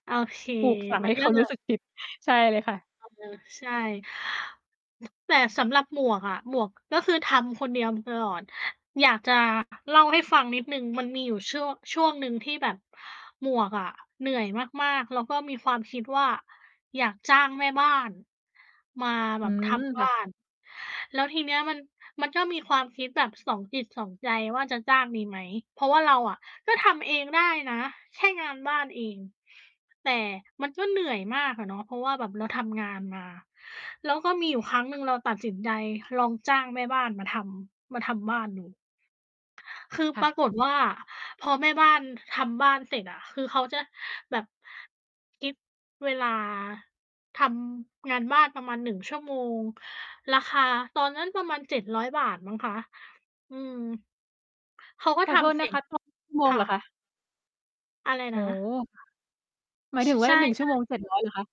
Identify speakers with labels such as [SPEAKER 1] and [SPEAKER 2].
[SPEAKER 1] โอเค
[SPEAKER 2] ปลูกฝัง
[SPEAKER 1] มั
[SPEAKER 2] ให
[SPEAKER 1] น
[SPEAKER 2] ้
[SPEAKER 1] ก
[SPEAKER 2] เข
[SPEAKER 1] ็
[SPEAKER 2] า
[SPEAKER 1] จ
[SPEAKER 2] รู
[SPEAKER 1] ะ
[SPEAKER 2] ้สึกผิด ใช่เลยค่ะ
[SPEAKER 1] อือฮึ ใช่ แต่สำหรับหมวกอะ หมวกก็คือทำคนเดียวมาตลอด อยากจะเล่าให้ฟังนิดหนึ่ง มันมีอยู่ช่วง ช่วงหนึ่งที่แบบหมวกอะเหนื่อยมาก ๆ แล้วก็มีความคิดว่าอยากจ้างแม่บ้านมาแ
[SPEAKER 2] อ
[SPEAKER 1] บ
[SPEAKER 2] ื
[SPEAKER 1] บท
[SPEAKER 2] ม
[SPEAKER 1] ำบ
[SPEAKER 2] ค่
[SPEAKER 1] ้า
[SPEAKER 2] ะ
[SPEAKER 1] น แล้วทีนี้มัน มันก็มีความคิดแบบสองจิตสองใจว่าจะจ้าง ดีไหม เพราะว่าเราอะก็ทำเองได้นะ แค่งานบ้านเอง แต่มันก็เหนื่อยมากอะเนาะ เพราะว่าแบบเราทำงานมา แล้วก็มีอยู่ครั้งหนึ่งเราตัดสินใจลองจ้างแม่บ้านมาทำ มาทำบ้านดู คือ
[SPEAKER 2] ค
[SPEAKER 1] ป
[SPEAKER 2] ่
[SPEAKER 1] รา
[SPEAKER 2] ะ
[SPEAKER 1] กฏว่าพอแม่บ้านทำบ้านเสร็จอะ คือเขาจะแบบ คิดเวลา ทำงานบ้านประมาณ 1 ชั่วโมง ราคาตอนนั้นประมาณ ฿700 มั้งคะ อืม เขาก็
[SPEAKER 2] ขอ
[SPEAKER 1] ท
[SPEAKER 2] โทษ
[SPEAKER 1] ำ เส
[SPEAKER 2] น
[SPEAKER 1] ร
[SPEAKER 2] ะ
[SPEAKER 1] ็
[SPEAKER 2] ค
[SPEAKER 1] จ
[SPEAKER 2] ะ จ้างเป็นชั่วโม
[SPEAKER 1] ค
[SPEAKER 2] ง เ
[SPEAKER 1] ่
[SPEAKER 2] หรอค
[SPEAKER 1] ะ
[SPEAKER 2] ะ?
[SPEAKER 1] อะไร
[SPEAKER 2] โอ
[SPEAKER 1] น
[SPEAKER 2] ้
[SPEAKER 1] ะ?
[SPEAKER 2] โฮ ค่ะ หมาย
[SPEAKER 1] ช
[SPEAKER 2] ถึงว
[SPEAKER 1] ใ
[SPEAKER 2] ่
[SPEAKER 1] ช
[SPEAKER 2] า
[SPEAKER 1] ่
[SPEAKER 2] 1 ชั่วโม
[SPEAKER 1] ๆ
[SPEAKER 2] ง 700 เหรอคะ?